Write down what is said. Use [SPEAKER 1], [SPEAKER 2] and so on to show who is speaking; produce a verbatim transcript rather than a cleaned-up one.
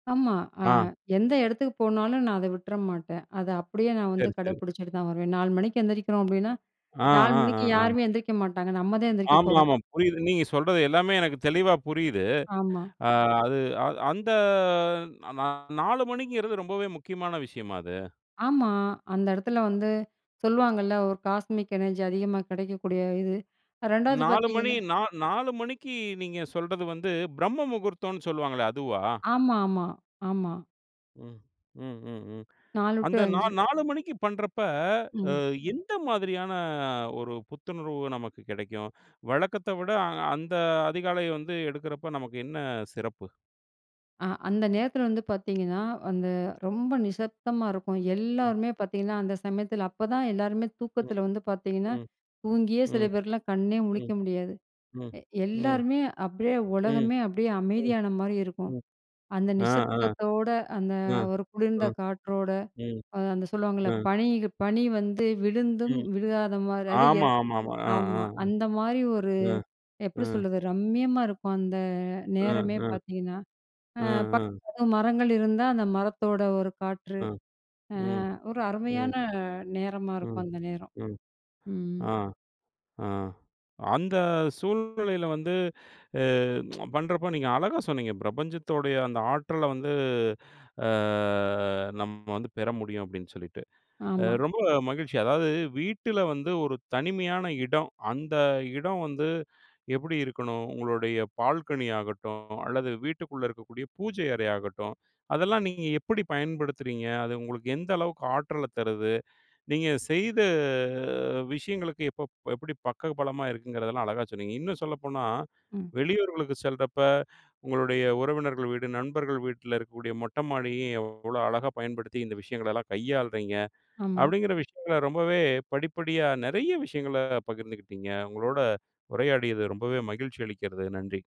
[SPEAKER 1] ஆமா, அ
[SPEAKER 2] ஆ.
[SPEAKER 1] எந்த எடத்துக்கு போனாலும். நான் அத விட்ற மாட்டேன். அத அப்படியே நான் வந்து
[SPEAKER 2] சரி, சரி.
[SPEAKER 1] கடப்பிடிச்சிட்டு தான் வருவேன். நாலு மணிக்கு எந்திரிக்கிறோம் அப்படின்னா,
[SPEAKER 2] ஆ
[SPEAKER 1] நாலு
[SPEAKER 2] ஆ ஆ
[SPEAKER 1] மணிக்கு
[SPEAKER 2] ஆ.
[SPEAKER 1] யாருமே எந்திரிக்க மாட்டாங்க. நம்ம தான் எந்திரிக்க போறோம்.
[SPEAKER 2] ஆமாமா, புரியுது. நீங்க சொல்றது எல்லாமே எனக்கு தெளிவா புரியுது.
[SPEAKER 1] ஆமா.
[SPEAKER 2] ஆ, அது அ அந்த நா நாலு மணிங்கிறது ரொம்பவே முக்கியமான விஷயமா அது?
[SPEAKER 1] ஆமா, அந்த எடத்துல வந்து சொல்லுவாங்கல்ல, ஒரு காஸ்மிக் எனர்ஜி அதிகமா கெடைக்கக்கூடிய இது. ரெண்டாவது,
[SPEAKER 2] நாலு மணி,
[SPEAKER 1] பார்த்தீங்கன்னா
[SPEAKER 2] நா நாலு மணிக்கு நீங்க சொல்றது வந்து, பிரம்ம முகூர்த்தம்ன்னு சொல்லுவாங்களே அதுவா?
[SPEAKER 1] ஆமாமா, ஆமா.
[SPEAKER 2] ம் ம் ம் ம்.
[SPEAKER 1] நாலு டு
[SPEAKER 2] அந்த நா
[SPEAKER 1] அஞ்சு.
[SPEAKER 2] நாலு மணிக்கு பண்றப்ப
[SPEAKER 1] ம்.
[SPEAKER 2] எந்த மாதிரியான ஒரு புத்துணர்வு நமக்கு கெடைக்கும்? வழக்கத்த விட அந்த அதிகாலை வந்து, எடுக்குறப்ப நமக்கு என்ன சிறப்பு?
[SPEAKER 1] அ, அந்த நேரத்தில வந்து பார்த்தீங்கன்னா, அந்த ரொம்ப நிசப்தமா இருக்கும்.
[SPEAKER 2] ம்.
[SPEAKER 1] எல்லோருமே பார்த்தீங்கன்னா, அந்த சமயத்தில, அப்ப தான் எல்லாருமே
[SPEAKER 2] ம்.
[SPEAKER 1] தூக்கத்தில வந்து பார்த்தீங்கன்னா,
[SPEAKER 2] ம்.
[SPEAKER 1] தூங்கியே சில
[SPEAKER 2] ம்
[SPEAKER 1] பேர்லாம் கண்ணே
[SPEAKER 2] ம்
[SPEAKER 1] முழிக்க முடியாது.
[SPEAKER 2] ம்
[SPEAKER 1] எ
[SPEAKER 2] ம்
[SPEAKER 1] எல்லாருமே அப்டியே
[SPEAKER 2] ம்
[SPEAKER 1] உலகமே அப்டியே
[SPEAKER 2] ம்
[SPEAKER 1] அமைதியான மாரி இருக்கும்.
[SPEAKER 2] ம்.
[SPEAKER 1] அந்த
[SPEAKER 2] ஆ ஆ
[SPEAKER 1] நிசப்தத்தோட, அந்த
[SPEAKER 2] அ
[SPEAKER 1] ஒரு
[SPEAKER 2] அ
[SPEAKER 1] குளிர்ந்த காற்றோட,
[SPEAKER 2] ம்.
[SPEAKER 1] அந்த சொல்லுவாங்கல்ல
[SPEAKER 2] அ.
[SPEAKER 1] பனி, பனி வந்து விழுந்தும்
[SPEAKER 2] ம்.
[SPEAKER 1] விழுகாத மாரி அது ஏ
[SPEAKER 2] ஆமாமாமா, ஆ. ஆ.
[SPEAKER 1] ஆமா, அந்த மாரி ஒரு
[SPEAKER 2] அ, அ.
[SPEAKER 1] எப்படி சொல்றது? ரம்மியமா இருக்கும். அந்த
[SPEAKER 2] ஆ
[SPEAKER 1] நேரமே
[SPEAKER 2] ஆ.
[SPEAKER 1] பார்த்தீங்கன்னா, ஆ,
[SPEAKER 2] ஆ
[SPEAKER 1] பக்
[SPEAKER 2] ஆ.
[SPEAKER 1] மரங்கள் இருந்தா அந்த மரத்தோட ஒரு காற்று.
[SPEAKER 2] ஆ. ம்
[SPEAKER 1] ஆ, ஒரு
[SPEAKER 2] ம்.
[SPEAKER 1] அருமையான நேரமா
[SPEAKER 2] ம்.
[SPEAKER 1] இருக்கும். அந்த நேரம்.
[SPEAKER 2] ம்.
[SPEAKER 1] ம்.
[SPEAKER 2] ஆ. ஆ. அந்த சூழ்நிலையில வந்து, அ பண்றப்போ நீங்க அழகா சொன்னீங்க. பிரபஞ்சத்தோடைய அந்த ஆற்றல வந்து ஆ, நம்ம வந்து பெற முடியும் அப்படின்னு சொல்லிட்டு. ஏ
[SPEAKER 1] ஆமா.
[SPEAKER 2] ரொம்ப மகிழ்ச்சி அதாவது வீட்ல வந்து ஒரு தனிமையான இடம், அந்த இடம் வந்து எப்டி இருக்கணும்? உங்களுடைய பால்கனி ஆகட்டும் அல்லது வீட்டுக்குள்ள இருக்கக்கூடிய பூஜை அறை ஆகட்டும் அதெல்லாம் நீங்க எப்படி பயன்படுத்துறீங்க? அது உங்களுக்கு எந்த அளவுக்கு ஆற்றல தருது? நீங்க செய்த விஷயங்களுக்கு இப்ப எப்படி பக்க பலமா இருக்குங்கிறதெல்லாம் அழகா சொன்னீங்க. இன்னும் சொல்லப்போனா,
[SPEAKER 1] ம்.
[SPEAKER 2] வெளியூர்களுக்கு செல்றப்ப உங்களுடைய உறவினர்கள் வீடு, நண்பர்கள் வீட்ல இருக்கக்கூடிய மொட்ட மாடியும் எவ்வளோ அழகா பயன்படுத்தி இந்த விஷயங்கள எல்லாம் கையாளுறீங்க?
[SPEAKER 1] ஆமா.
[SPEAKER 2] அப்படிங்கிற விஷயங்கள ரொம்பவே படிப்படியா நெறைய விஷயங்கள பகிர்ந்துக்கிட்டீங்க. உங்களோட உரையாடியது ரொம்பவே மகிழ்ச்சி அளிக்கிறது. நன்றி.